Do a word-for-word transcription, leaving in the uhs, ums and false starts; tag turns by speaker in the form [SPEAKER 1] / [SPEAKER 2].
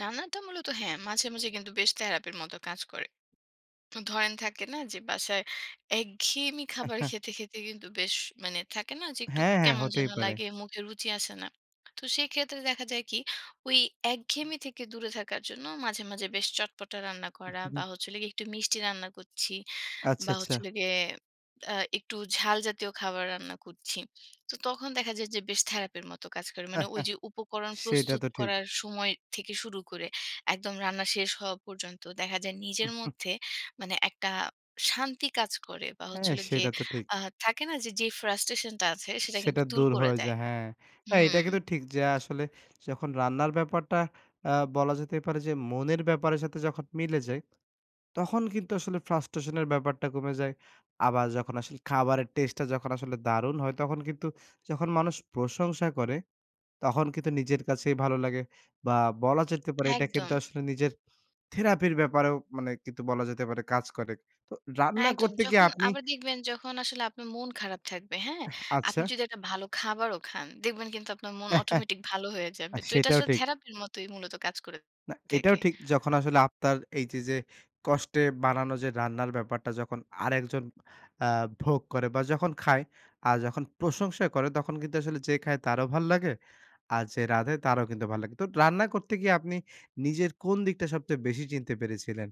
[SPEAKER 1] রান্নাটা মূলত হ্যাঁ, মাঝে, মাঝে কিন্তু বেশ থেরাপির মতো কাজ করে। ধরেন, থাকে না যে বাসায় একঘেয়েমি খাবার খেতে, খেতে কিন্তু বেশ মানে থাকে না যে, একটু
[SPEAKER 2] হ্যাঁ, হ্যাঁ।
[SPEAKER 1] কেমন
[SPEAKER 2] হতেই
[SPEAKER 1] যেন
[SPEAKER 2] পারে।
[SPEAKER 1] লাগে। মুখে রুচি আসে না। তো সেক্ষেত্রে দেখা যায় কি ওই একঘেমি থেকে দূরে থাকার জন্য মাঝে, মাঝে বেশ চটপটা রান্না করা বা, হচ্ছে হলো গিয়ে একটু মিষ্টি রান্না করছি
[SPEAKER 2] আচ্ছা,
[SPEAKER 1] বা, হচ্ছে
[SPEAKER 2] আচ্ছা।
[SPEAKER 1] হলো গিয়ে আ একটু ঝাল জাতীয় খাবার রান্না করছি। তো তখন দেখা যায় যে, বেশ থেরাপির মতো কাজ করে। মানে ওইযে উপকরণ
[SPEAKER 2] সেটা
[SPEAKER 1] প্রস্তুত
[SPEAKER 2] তো ঠিক।
[SPEAKER 1] করার সময় থেকে শুরু করে, একদম রান্না শেষ হওয়া পর্যন্ত দেখা যায় নিজের মধ্যে মানে একটা শান্তি কাজ করে বা, হচ্ছে
[SPEAKER 2] হ্যাঁ।
[SPEAKER 1] হলো গিয়ে
[SPEAKER 2] সেটা তো ঠিক।
[SPEAKER 1] আ থাকে না যে যে frustration টা আছে সেটা
[SPEAKER 2] সেটা
[SPEAKER 1] কিন্তু দূর
[SPEAKER 2] দূর
[SPEAKER 1] করে
[SPEAKER 2] হয়ে
[SPEAKER 1] দেয়
[SPEAKER 2] যায়। হ্যাঁ। আ এটা
[SPEAKER 1] হুম।
[SPEAKER 2] কিন্তু ঠিক যে আসলে যখন রান্নার ব্যাপারটা অ্যা বলা যেতে পারে যে মনের ব্যাপারের সাথে যখন মিলে যায়, তখন কিন্তু আসলে frustration এর ব্যাপারটা কমে যায়। আবার যখন আসলে খাবারের টেস্টটা যখন আসলে দারুন হয়, তখন কিন্তু যখন মানুষ প্রশংসা করে তখন কিন্তু নিজের কাছেই ভালো লাগে। বা, বলা যেতে পারে এটা
[SPEAKER 1] একদম।
[SPEAKER 2] কিন্তু আসলে নিজের থেরাপির ব্যাপারেও মানে কিন্তু বলা যেতে পারে কাজ করে। তো
[SPEAKER 1] হ্যাঁ,
[SPEAKER 2] রান্না
[SPEAKER 1] একদম।
[SPEAKER 2] করতে গিয়ে
[SPEAKER 1] যখন
[SPEAKER 2] আপনি
[SPEAKER 1] আবার দেখবেন যখন আসলে আপনার মন খারাপ থাকবে, হ্যাঁ?
[SPEAKER 2] এহ
[SPEAKER 1] আপনি
[SPEAKER 2] আচ্ছা।
[SPEAKER 1] যদি একটা ভালো খাবারও খান, দেখবেন কিন্তু আপনার মন অটোমেটিক ভালো হয়ে
[SPEAKER 2] আ
[SPEAKER 1] যাবে। তো এটা
[SPEAKER 2] সেটাও
[SPEAKER 1] আসলে
[SPEAKER 2] ঠিক।
[SPEAKER 1] থেরাপির মতোই মূলত কাজ করে
[SPEAKER 2] না, এটাও
[SPEAKER 1] থাকে।
[SPEAKER 2] ঠিক। যখন আসলে আফতার এই যে যে কষ্টে বানানো যে রান্নার ব্যাপারটা যখন আরেকজন অ্যা ভোগ করে বা, যখন খায়, আর যখন প্রশংসা করে, তখন কিন্তু আসলে যে খায় তারও ভাল লাগে। আর যে রাঁধে তারও কিন্তু ভাল লাগে। তো রান্না করতে গিয়ে আপনি নিজের কোন দিকটা সবচেয়ে বেশি চিনতে পেরেছিলেন?